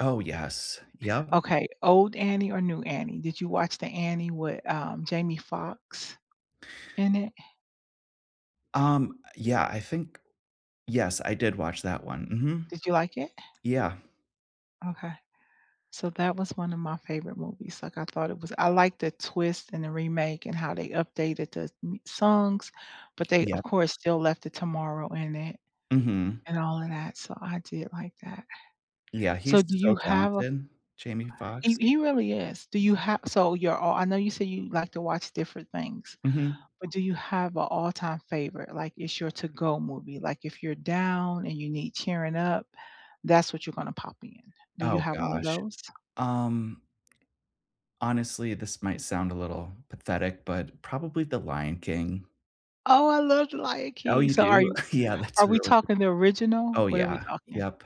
Oh, yes. Yep. Okay old Annie or new Annie did you watch the Annie with, um, Jamie Foxx in it? Um, yeah, I think yes, I did watch that one. Mhm. Did you like it? Yeah. Okay. So that was one of my favorite movies, like, I thought it was I like the twist and the remake and how they updated the m songs, but they, of Yep. course, still left the "Tomorrow" in it Mhm. and all of that so I did like that. Yeah, So he's do so you have a f talented, Jamie he Foxx. he really is, do you have so you're all I know you say you like to watch different things Mhm. but do you have a all-time favorite, like, it's your to-go movie, like, if you're down and you need cheering up that's what you're gonna pop in. Do you Oh, have one of gosh, those? um Honestly, this might sound a little pathetic, but probably the Lion King. Oh I love the Lion Oh, King you so are do? you Yeah, are that's we really g talking the original? Oh, What are we yeah. talking? Yep,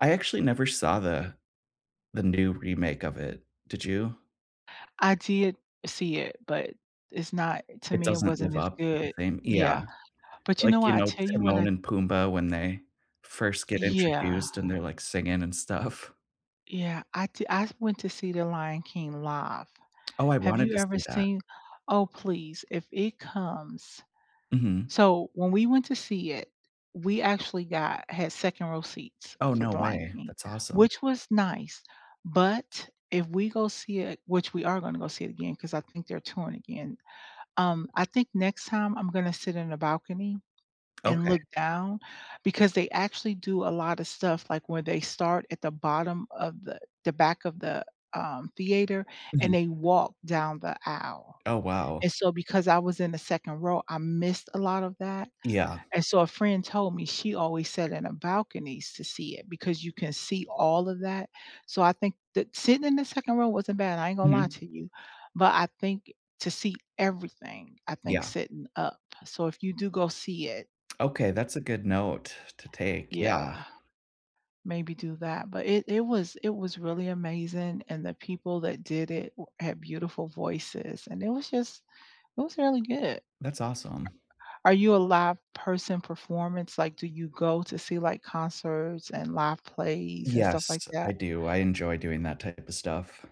I actually never saw the the new remake of it. Did you? I did see it but it's not to It me it doesn't live wasn't as up to the good. same Yeah, Yeah, but you know like, you what I know, tell you when Timon I and Pumbaa when they first get Yeah. introduced, and they're, like, singing and stuff. Yeah, I did I went to see the Lion King live. Oh, I Have wanted you to ever see that. seen? Oh please if it comes Mhm. So when we went to see it, we actually got had second row seats Oh, for no the Lion way. King That's awesome. which was nice but if we go see it, which we are gonna go see it again 'cause I think they're touring again, um, I think next time I'm gonna sit in the balcony and Okay. look down because they actually do a lot of stuff, like, where they start at the bottom of the the back of the, um, theater and Mhm. they walk down the aisle Oh, wow. and so because I was in the second row I missed a lot of that Yeah. and so a friend told me she always sat in a balcony to see it because you can see all of that so I think that sitting in the second row wasn't bad I ain't gonna lie Mhm. to you but I think to see everything I think Yeah. sitting up So if you do go see it Okay, that's a good note to take. Yeah. Yeah, maybe do that, but it it was it was really amazing, and the people that did it w had beautiful voices and it was just, it was really good. That's awesome. Are you a live person performance, like, do you go to see like concerts and live plays and stuff like Yes, I that? do. I enjoy doing that type of stuff.